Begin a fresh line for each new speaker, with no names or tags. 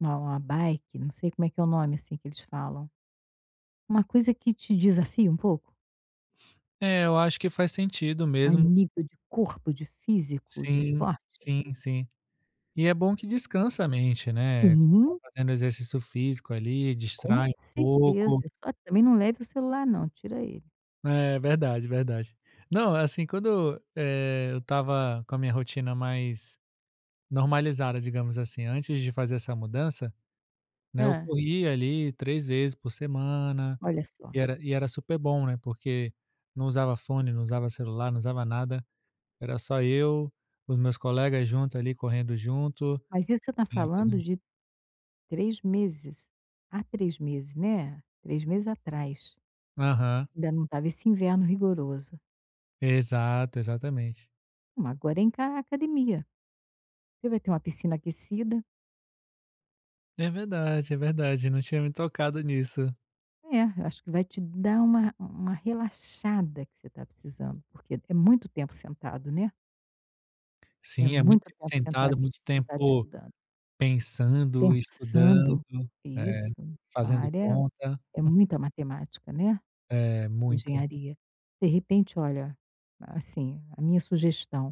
Não. A bike não sei como é que é o nome, assim, que eles falam, uma coisa que te desafia um pouco?
É, eu acho que faz sentido
A
mesmo
nível de corpo, de físico, de
Sim,
esporte?
sim, sim. E é bom que descansa a mente, né, ficar
Sim.
fazendo exercício físico ali,
Com
distrai um
certeza,
pouco.
só que também não leve o celular não, tira ele.
É, verdade, verdade. Não, assim, quando, eh, eu estava com a minha rotina mais normalizada, digamos assim, antes de fazer essa mudança, né, eu
Hã.
corria ali 3 vezes por semana
Olha só.
e era e era super bom, né, porque não usava fone, não usava celular, não usava nada, era só eu, os meus colegas juntos ali correndo junto,
Mas isso você tá
né,
falando
fazendo
de 3 meses, à 3 meses, né, 3 meses atrás
Aham.
ainda não estava esse inverno rigoroso.
Exato, exatamente.
Ma agora é encarar a academia. Você vai ter uma piscina aquecida
É verdade, é verdade eu não tinha me tocado nisso.
É, eu acho que vai te dar uma uma relaxada que você tá precisando, porque é muito tempo sentado, né. É
Sim, é muito
muito
tempo
tempo sentado
sentado,
estu
muito
sentado
tempo
estudando.
pensando,
Pensando
estudando,
e
é,
isso mesmo, sua
fazendo
área
conta.
é muita matemática, né.
É, muita.
Engenharia. De repente, olha, assim, a minha sugestão